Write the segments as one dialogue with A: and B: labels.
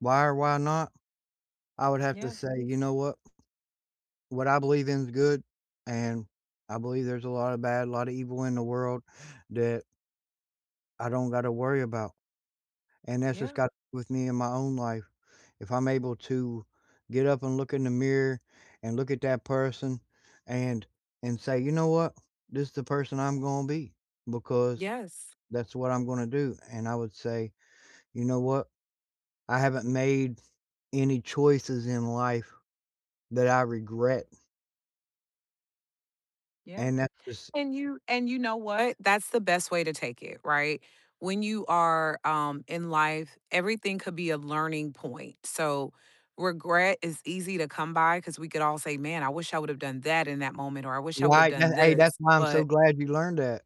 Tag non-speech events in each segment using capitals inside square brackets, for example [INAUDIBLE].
A: Why or why not? I would have to
B: Yeah.
A: say, "You know what? What I believe in is good and I believe there's a lotta bad, a lotta evil in the world that" "I don't gotta worry about," and that's just
B: Yeah.
A: got with me in my own life. If I'm able to get up and look in the mirror, and look at that person and and say, "You know what? This is the person I'm going be because
B: Yes.
A: that's what I'm gonna do," and I would say, "You know what? I haven't made any choices in life that I regret."
B: Yeah,
A: And that is.
B: and you and you
A: [UNINTELLIGIBLE]
B: know what? That's the best way to take it, right? When you are, um, in life, everything could be a learning point, so, regret is easy to come by 'cause we could all say, "Man, I wish I would've done that in that moment, or I wish I would've
A: Right, na
B: done
A: hey, that's
B: this,"
A: why I'm so
B: but
A: glad you learned that.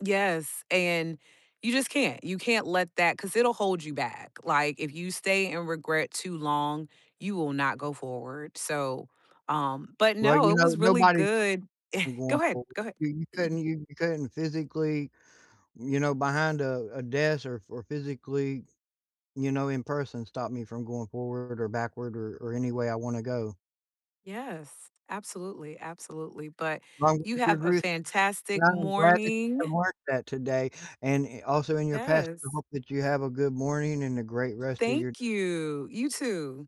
B: Yes, and you just can't; you can't let that 'cause it'll hold you back, like, if you stay in regret too long, you will not go forward, so, um but
A: Well,
B: no,
A: you
B: it
A: know,
B: was really
A: nobody
B: good
A: I'm
B: [CHUCKLES] go
A: going
B: ahead,
A: forward,
B: go ahead.
A: [UNINTELLIGIBLE] you couldn't
B: [CLEARS THROAT]
A: hear you couldn't physically, you know, behind a a desk, or f or physically, you know, in person, stop me from going forward, or backward, or or any way I wanna go.
B: Yes. Absolutely, absolutely, but
A: [UNINTELLIGIBLE] I'm glad
B: you have a fantastic
A: that you have
B: morning.
A: marked that today and, eh, also in your past. I
B: Yes.
A: hope that you have a good morning and a great rest of your
B: Thank you! You too.